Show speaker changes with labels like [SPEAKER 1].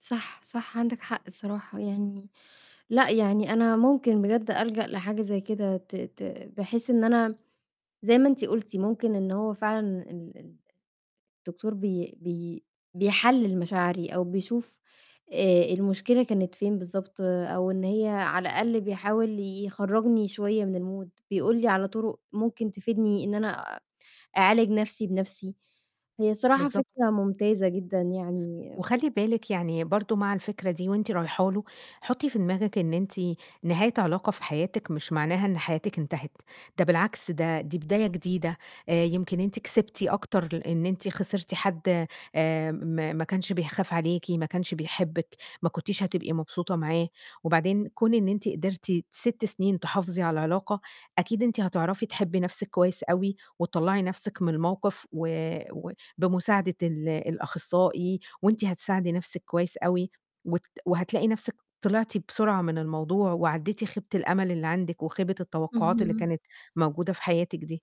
[SPEAKER 1] صح، صح عندِك حق الصراحة. يعني لأ، يعني أنا ممكن بجد ألجأ لحاجة زي كده ت ت بحيث إن أنا زي ما أنت قُلتِ ممكن إن هو فعلًا ال ال الدكتور بي بي بيحلِّل مشاعري أو بيشوف آآ، المشكلة كانت فين بالضبط أو إن هي على الأقل بيحاول يخرجني شوية من الmood، بيقول لي على طرق ممكن تفيدني إن أنا أعالج نَفْسي بنَفْسي. هي الصراحة
[SPEAKER 2] بالضبط.
[SPEAKER 1] فكرة ممتازة جدًا يعني.
[SPEAKER 2] وخلّي بالِك، يعني برضه مع الفكرة دي وأنتِ رايحه له، حطّي في دماغِك إن أنتِ نهاية علاقة في حياتِك مش معناها إن حياتِك انتهت، ده بالعكس ده دي بداية جديدة. آآ، يمكن أنتِ كسبتِ أكتر لإن أنتِ خسرتِ حد آآ، م ما ما كانش بيخاف عليكِ، ما كانش بيحبِك، ما كنتيش هتبقي مبسوطة معاه، وبعدين كون إن أنتِ قدرتِ 6 سِنين تحافظي على العلاقة، أكيد إن أنتِ هتعرفي تحبّي نَفْسِك كويس أوي وتطلّعي نَفْسِك من الموقِف و و بمساعدة ال الأخصائي وأنتِ هتساعدي نَفْسِك كويس أوي، وت وهتلاقي نَفْسِك طلعتِ بسرعة من الموضوع، وعدّيتِ خيبة الأمل اللي عندِك، وخيبة التوقّعات اللي
[SPEAKER 1] اهم.
[SPEAKER 2] كانت موجودة في حياتِك دي.